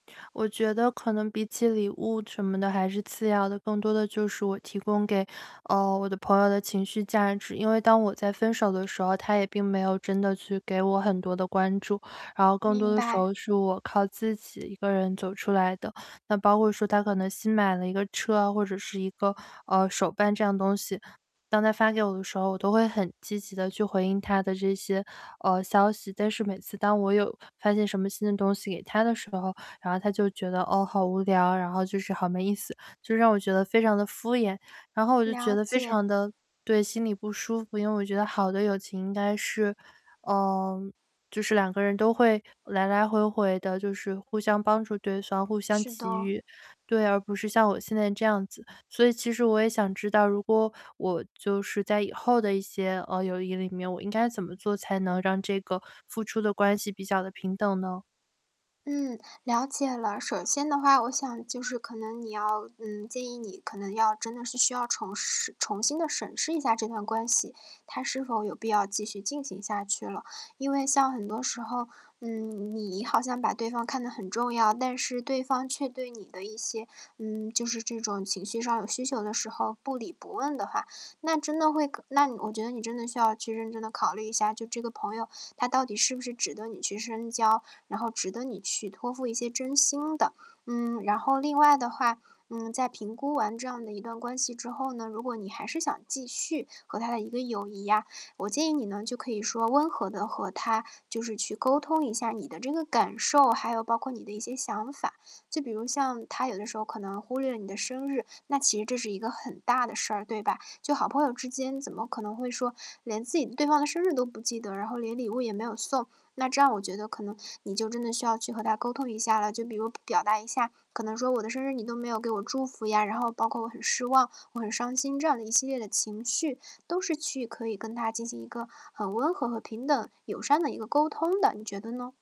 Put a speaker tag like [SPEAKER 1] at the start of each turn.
[SPEAKER 1] 我觉得可能比起礼物什么的还是次要的，更多的就是我提供给，呃，我的朋友的情绪价值。因为当我在分手的时候，她也并没有真的去给我很多的关注，然后更多
[SPEAKER 2] 明
[SPEAKER 1] 的时
[SPEAKER 2] 白。
[SPEAKER 1] 候是我靠自己一个人走出来的。那包括说她可能新买了一个车，或者是一个，呃，手办这样的东西，当她发给我的时候，我都会很积极地去回应她的这些，呃，消息。但是每次当我有发现什么新的东西给她的时候，然后她就觉得”哦，好无聊“然后就是“好没意思”。就让我觉得非常地敷衍，然后我就觉
[SPEAKER 2] 了
[SPEAKER 1] 得非
[SPEAKER 2] 解。
[SPEAKER 1] 常地对，心里不舒服，因为我觉得好的友情应该是嗯，就是2个人都会来来回回地，就是互相帮助对方、互相
[SPEAKER 2] 是
[SPEAKER 1] 给
[SPEAKER 2] 的。
[SPEAKER 1] 予。对，而不是像我现在这样子。所以其实我也想知道，如果我就是在以后的一些，呃，友谊里面，我应该怎么做才能让这个付出的关系比较地平等呢？
[SPEAKER 2] 嗯，了解了。首先的话，我想就是可能你要嗯，建议你可能要真的是需要重视重新地审视一下这段关系，它是否有必要继续进行下去了。因为像很多时候，嗯，你好像把对方看得很重要，但是对方却对你的一些嗯，就是这种情绪上有需求的时候不理不问的话，那真的会可那我觉得你真的需要去认真地考虑一下，就这个朋友他到底是不是值得你去深交，然后值得你去托付一些真心的。嗯，然后另外的话，嗯，在评估完这样的一段关系之后呢，如果你还是想继续和他的一个友谊呀，我建议你呢就可以说温和地和他就是去沟通一下你的这个感受，还有包括你的一些想法。就比如像他有的时候可能忽略你的生日，那其实这是一个很大的事儿，对吧？就好朋友之间怎么可能会说连自己对方的生日都不记得，然后连礼物也没有送。那这样我觉得可能你就真的需要去和他沟通一下了，就比如表达一下可能说：“我的生日你都没有给我祝福”呀，然后包括“我很失望，我很伤心”。这样的一系列的情绪都是去可以跟他进行一个很温和和平等、友善的一个沟通的，你觉得呢？